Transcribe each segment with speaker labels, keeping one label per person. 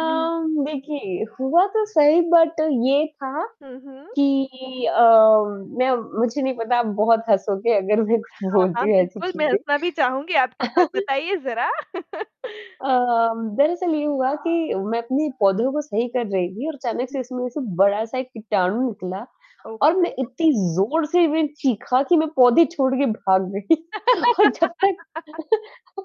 Speaker 1: जी।
Speaker 2: देखिए हुआ तो सही बट ये था
Speaker 1: हुँ, हुँ।
Speaker 2: कि अ, मैं मुझे नहीं पता आप बहुत हँसोगे अगर मैं कुछ
Speaker 1: हाँ, हाँ।
Speaker 2: बोलती ऐसी
Speaker 1: बिल्कुल, मैं
Speaker 2: चीज़ें।
Speaker 1: हँसना भी चाहूँगी आपके साथ बताइए ज़रा?
Speaker 2: अ, दरअसल ये हुआ कि मैं अपने पौधों को सही कर रही थी और अचानक से इसमें ऐसे बड़ा-सा एक किटाणु निकला और
Speaker 1: ओके।
Speaker 2: मैं इतनी ज़ोर से मैं चीखा कि मैं पौधे छोड़ के भाग गई। और जब तक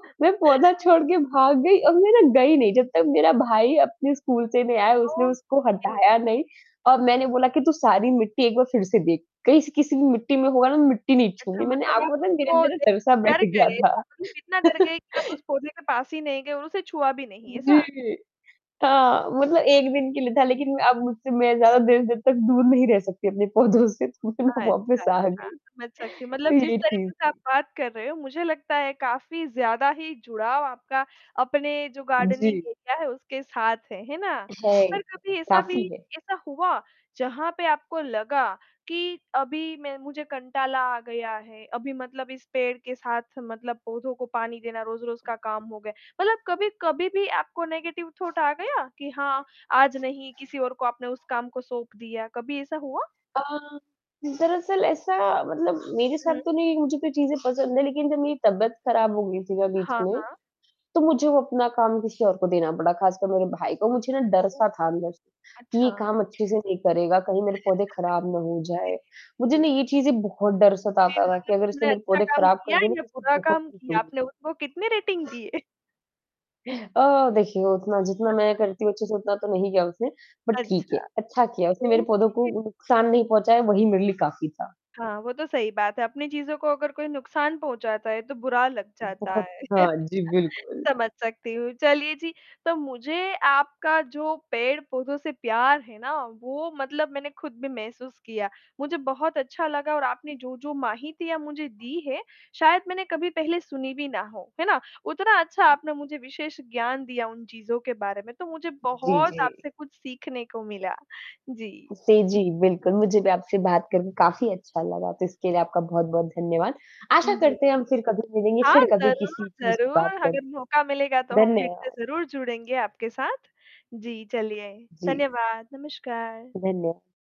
Speaker 2: मैं पौधा छोड़ के भाग गई और मै ना गई नहीं, जब तक मेरा भाई अपने स्कूल से नहीं आया उसने उसको
Speaker 1: ओके।
Speaker 2: हटाया नहीं और मैंने बोला कि तू सारी मिट्टी एक बार फ़िर से देख, कहीं स किसी भी मिट्टी में होगा ना मिट्टी नहीं
Speaker 1: अच्छा,
Speaker 2: छूऊँगी, मैंने
Speaker 1: मतलब आप
Speaker 2: आपको पता मेरे
Speaker 1: उसको
Speaker 2: अंदर ना डर सा
Speaker 1: देखके
Speaker 2: बैठ
Speaker 1: डर
Speaker 2: गया
Speaker 1: गए।
Speaker 2: था।
Speaker 1: इतना डर गए कि आप उस पौधे के पास ही नहीं गए और उसे छुआ भी नहीं। ऐसा?
Speaker 2: जी। हाँ, मतलब 1 दिन के लिए था लेकिन अब मुझसे मैं ज़्यादा देर-देर तक दूर नहीं रह सकती अपने पौधों से तो
Speaker 1: अच्छा,
Speaker 2: मतलब वापस
Speaker 1: अच्छा।
Speaker 2: आ गई।
Speaker 1: समझ सकती हूँ, मतलब जिस
Speaker 2: जी, जी,
Speaker 1: तरीके से आप
Speaker 2: जी।
Speaker 1: बात कर रहे हो मुझे लगता है काफ़ी ज़्यादा ही जुड़ाव आपका, अपने जो गार्डनिंग
Speaker 2: जी।
Speaker 1: एरिया है उसके साथ है, है ना?
Speaker 2: है,
Speaker 1: पर कभी ऐसा भी
Speaker 2: काफ़ी है।
Speaker 1: ऐसा हुआ जहाँ पे आपको लगा कि अभी मैं मुझे कंटाला आ गया है, अभी मतलब इस पेड़ के साथ मतलब पौधों को पानी देना रोज़-रोज़ का काम हो गया। मतलब कभी-कभी भी आपको नेगेटिव थॉट आ गया कि हाँ, आज नहीं किसी और को आपने उस काम को सौंप दिया। कभी ऐसा हुआ?
Speaker 2: अ, दरअसल ऐसा मतलब मेरे साथ
Speaker 1: हुँ।
Speaker 2: तो नहीं मुझे तो ये चीज़ें पसंद हैं लेकिन जब मेरी तबीयत ख़राब हो गई थी ना बीच
Speaker 1: हाँ,
Speaker 2: में,
Speaker 1: हाँ।
Speaker 2: तो मुझे वो अपना काम किसी और को देना बड़ा ख़ासकर मेरे भाई को, मुझे ना
Speaker 1: ओह!
Speaker 2: डर-सा था अंदर से, कि ये
Speaker 1: अच्छा।
Speaker 2: काम अच्छे से नहीं करेगा, कहीं मेरे पौधे ख़राब ना हो जाएँ।
Speaker 1: जी,
Speaker 2: मुझे
Speaker 1: जी,
Speaker 2: ना
Speaker 1: जी।
Speaker 2: ये चीज़ें बहुत डर
Speaker 1: फ़िर
Speaker 2: सताता था कि
Speaker 1: मतलब
Speaker 2: अगर इसने
Speaker 1: आपने
Speaker 2: मेरे
Speaker 1: अच्छा
Speaker 2: पौधे
Speaker 1: काम
Speaker 2: ख़राब कर
Speaker 1: किया
Speaker 2: दिए ना
Speaker 1: या
Speaker 2: तो इससे
Speaker 1: बुरा
Speaker 2: बहुत
Speaker 1: काम किया?
Speaker 2: पीटूँगी।
Speaker 1: आपने उसको कितनी रेटिंग दी?
Speaker 2: अ, देखिए उतना जितना मैं करती हूँ अच्छे से उतना तो नहीं किया उसने बट ठीक है।
Speaker 1: अच्छा।
Speaker 2: अच्छा किया उसने मेरे पौधों को
Speaker 1: ओके।
Speaker 2: नुकसान नहीं पहुँचाया वही मेरे लिए काफ़ी था।
Speaker 1: हाँ, वो तो सही बात है, अपनी चीज़ों को अगर कोई नुकसान पहुँचाता है तो बुरा लग जाता
Speaker 2: बहुत।
Speaker 1: है,
Speaker 2: हाँ जी, बिल्कुल।
Speaker 1: समझ सकती हूँ चलिए जी, तो मुझे आपका जो पेड़-पौधों से प्यार है ना वो मतलब मैंने खुद भी महसूस किया। मुझे बहुत अच्छा लगा और आपने जो-जो माहितियाँ मुझे दी हैं, शायद मैंने कभी पहले सुनी भी ना हो, है ना? उतना अच्छा आपने मुझे विशेष ज्ञान दिया उन चीज़ों के बारे में। तो मुझे
Speaker 2: जी,
Speaker 1: बहुत
Speaker 2: जी।
Speaker 1: आपसे कुछ सीखने को मिला। जी।
Speaker 2: से जी, बिल्कुल मुझे भी आपसे बात करके काफ़ी अच्छा लगा तो इसके लिए आपका बहुत-बहुत धन्यवाद। आशा
Speaker 1: उम, जी।
Speaker 2: करते हैं हम फ़िर कभी मिलेंगे
Speaker 1: हाँ
Speaker 2: फ़िर कभी
Speaker 1: ज़रूर,
Speaker 2: किसी चीज़ की
Speaker 1: ज़रूर
Speaker 2: बात करें।
Speaker 1: अगर मौका मिलेगा तो हम फ़िर से
Speaker 2: धन्यवाद।
Speaker 1: ज़रूर जुड़ेंगे आपके साथ। जी, चलिए
Speaker 2: जी।
Speaker 1: धन्यवाद, नमस्कार।
Speaker 2: धन्य